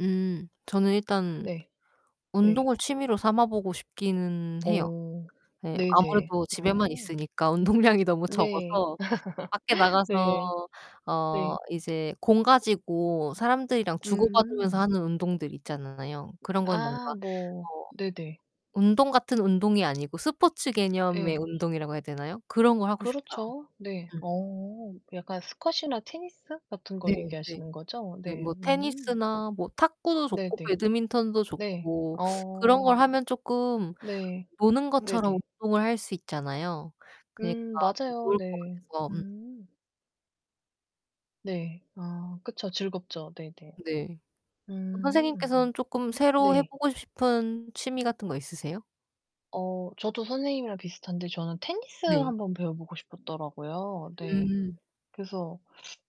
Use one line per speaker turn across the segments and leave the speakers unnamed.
음. 저는 일단
네. 네.
운동을 취미로 삼아보고 싶기는 해요.
어.
네.
네네.
아무래도 집에만
아.
있으니까 운동량이 너무
네.
적어서 밖에 나가서
네.
어
네.
이제 공 가지고 사람들이랑 주고받으면서
음.
하는 운동들 있잖아요. 그런 거는 뭔가
아,
어
뭐 네네.
운동 같은 운동이 아니고 스포츠 개념의
예.
운동이라고 해야 되나요? 그런 걸 하고 싶어요.
그렇죠. 네.
음.
어. 약간 스쿼시나 테니스 같은 거
네네.
얘기하시는 거죠?
네,
네.
뭐
음.
테니스나 뭐 탁구도 좋고
네네.
배드민턴도
네.
좋고 그런
어.
걸 하면 쪼끔
네.
노는 것처럼
네네.
운동을 할 수 있잖아요. 그러니까
음,
더
맞아요.
좋을 것
네.
같아서. 음.
음. 네. 아, 그쵸. 즐겁죠. 네네.
네. 그럼
음.
선생님께서는 쪼끔 새로
네.
해보고 싶은 취미 같은 거 있으세요?
어, 저도 선생님이랑 비슷한데 저는 테니스
네.
한번 배워 보고 싶었더라고요. 네.
음.
그래서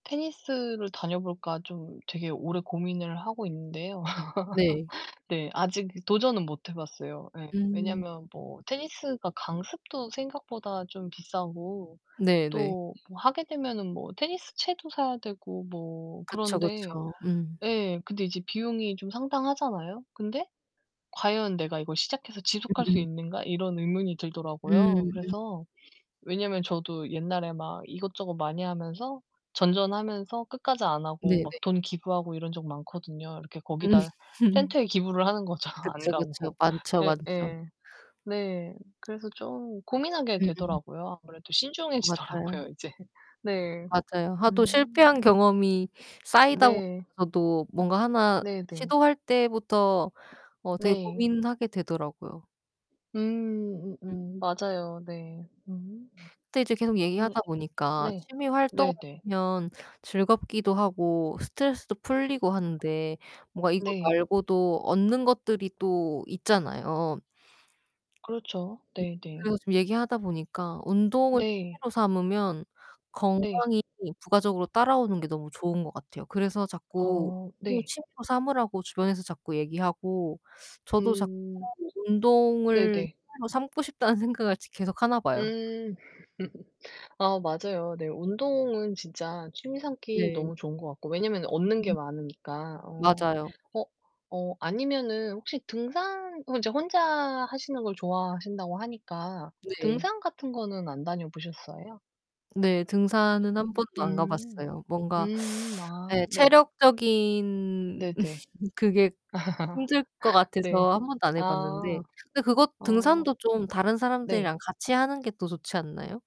테니스를 다녀볼까 좀 되게 오래 고민을 하고 있는데요.
네.
네. 아직 도전은 못 해 봤어요. 예.
음.
왜냐하면 뭐 테니스가 강습도 생각보다 좀 비싸고
네네.
또 뭐 하게 되면은 뭐 테니스채도 사야 되고 뭐
그쵸,
그런데
그쵸. 음.
예, 근데 이제 비용이 좀 상당하잖아요? 근데 과연 '내가 이걸 시작해서 지속할 수
음음.
있는가.' 이런 의문이 들더라고요.
음.
그래서 왜냐면 저도 옛날에 막 이것저것 많이 하면서 전전하면서 끝까지 안 하고 막
네네.
돈 기부하고 이런 적 많거든요. 이렇게 거기다
음.
센터에 기부를 하는 거죠. 안
그쵸, 그쵸.
가고.
많죠, 많죠.
예예. 네. 그래서 좀 고민하게
음.
되더라고요. 아무래도
맞아요.
신중해지더라고요 이제. 네.
맞아요. 하도
음.
실패한 경험이 쌓이다
네.
보면서도 뭔가 하나
네네.
시도할 때부터 어 되게
네.
고민하게 되더라고요.
음. 음음. 맞아요. 네. 음.
근데 이제 계속
음.
얘기하다보니까
네.
취미 활동을
네네.
하면 즐겁기도 하고 스트레스도 풀리고 하는데 뭔가 이거
네.
말고도 얻는 것들이 또 있잖아요.
그렇죠. 네네.
그래서 지금 얘기하다 보니까 운동을
네.
취미로 삼으면
네.
건강이 부가적으로 따라오는 게 너무 좋은 것 같아요. 그래서 자꾸
어.
운동을
네.
취미로 삼으라고 주변에서 자꾸 얘기하고 저도 자꾸
음.
운동을
네네.
취미로 삼고 싶다는 생각을 지 계속 하나 봐요.
음. 아, 맞아요. 네, 운동은 진짜 취미 삼기
네.
너무 좋은 것 같고. 왜냐면 얻는 게 많으니까. 어.
맞아요.
어. 어, 아니면은 혹시 등산 이제 혼자 하시는 걸 좋아하신다고 하니까
네.
등산 같은 거는 안 다녀 보셨어요?
네, 등산은 한
음.
번도 안 가
음.
봤어요. 뭔가
음. 아,
네
네.
체력적인
네네.
그게 힘들 것
아. 네.
같아서 한 번도 안 해 봤는데
아.
근데 그것
어.
등산도 좀 다른
네.
사람들이랑 같이 하는 게 더 좋지 않나요?